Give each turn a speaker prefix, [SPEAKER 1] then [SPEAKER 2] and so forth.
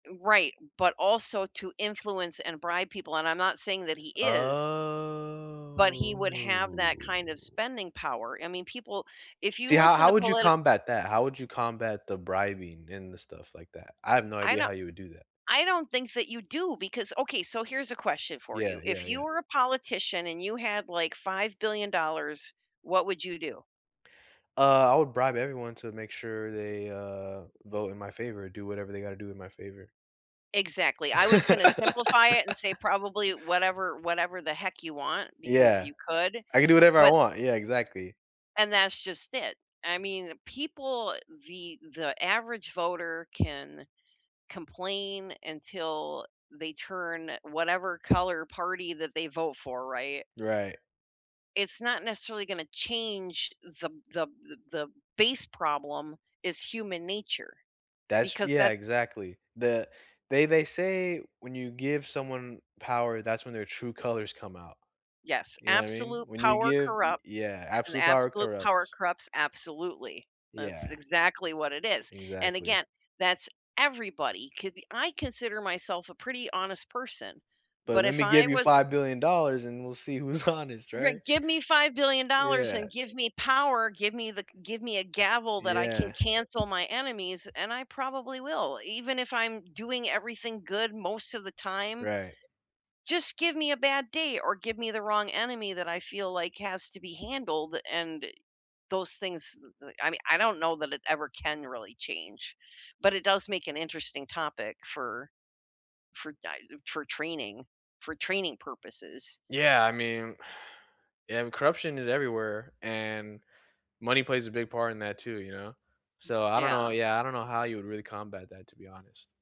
[SPEAKER 1] Right, but also to influence and bribe people, and I'm not saying that he is,
[SPEAKER 2] Oh.
[SPEAKER 1] but he would have that kind of spending power, I mean, people if you
[SPEAKER 2] See, how
[SPEAKER 1] listen
[SPEAKER 2] how
[SPEAKER 1] to
[SPEAKER 2] would you
[SPEAKER 1] politic
[SPEAKER 2] combat that? How would you combat the bribing and the stuff like that? I have no
[SPEAKER 1] I
[SPEAKER 2] idea
[SPEAKER 1] no
[SPEAKER 2] how you would do that.
[SPEAKER 1] I don't think that you do because Okay, so here's a question for you.
[SPEAKER 2] Yeah,
[SPEAKER 1] If
[SPEAKER 2] yeah,
[SPEAKER 1] you
[SPEAKER 2] yeah.
[SPEAKER 1] were a politician and you had, like, $5,000,000,000, what would you do?
[SPEAKER 2] Uh, I would bribe everyone to make sure they, uh, vote in my favor, do whatever they gotta do in my favor.
[SPEAKER 1] Exactly, I was gonna simplify it and say, "Probably whatever whatever the heck you want, because
[SPEAKER 2] Yeah.
[SPEAKER 1] you could,"
[SPEAKER 2] I can do whatever I
[SPEAKER 1] but
[SPEAKER 2] want, yeah, exactly.
[SPEAKER 1] And that's just it. I mean, people the the average voter can complain until they turn whatever color party that they vote for, right?
[SPEAKER 2] Right.
[SPEAKER 1] It's not necessarily gonna change the b the b the the b base problem is human nature,
[SPEAKER 2] That's
[SPEAKER 1] because
[SPEAKER 2] yeah,
[SPEAKER 1] that
[SPEAKER 2] exactly. The they they say when you give someone power, that's when their true colors come out.
[SPEAKER 1] Yes,
[SPEAKER 2] You know what I mean?
[SPEAKER 1] absolute
[SPEAKER 2] When you
[SPEAKER 1] power
[SPEAKER 2] give
[SPEAKER 1] corrupts,
[SPEAKER 2] yeah,
[SPEAKER 1] and
[SPEAKER 2] absolute power
[SPEAKER 1] absolute power
[SPEAKER 2] corrupts.
[SPEAKER 1] corrupts absolutely. That's
[SPEAKER 2] Yeah.
[SPEAKER 1] exactly what it is, and
[SPEAKER 2] Exactly.
[SPEAKER 1] again, that's everybody, c I consider myself a pretty honest person,
[SPEAKER 2] But
[SPEAKER 1] but
[SPEAKER 2] let
[SPEAKER 1] if
[SPEAKER 2] me
[SPEAKER 1] I
[SPEAKER 2] give you
[SPEAKER 1] was a
[SPEAKER 2] $5,000,000,000, and we'll see who's honest, right?
[SPEAKER 1] Right, give me $5,000,000,000 and
[SPEAKER 2] Yeah.
[SPEAKER 1] give me power, give me the give me a gavel that I can
[SPEAKER 2] Yeah.
[SPEAKER 1] cancel my enemies, and I probably will, even if I'm doing everything good most of the time.
[SPEAKER 2] Right.
[SPEAKER 1] Just give me a bad day or give me the wrong enemy that I feel like has to be handled, and those things, th th I mean, I don't know that it ever can really change, but it does make an interesting topic for for di- for training for training purposes.
[SPEAKER 2] Yeah, I mean yeah, corruption is everywhere, and money plays a big part in that too, you know? So, I don't know
[SPEAKER 1] Yeah.
[SPEAKER 2] yeah, I don't know how you would really combat that, to be honest.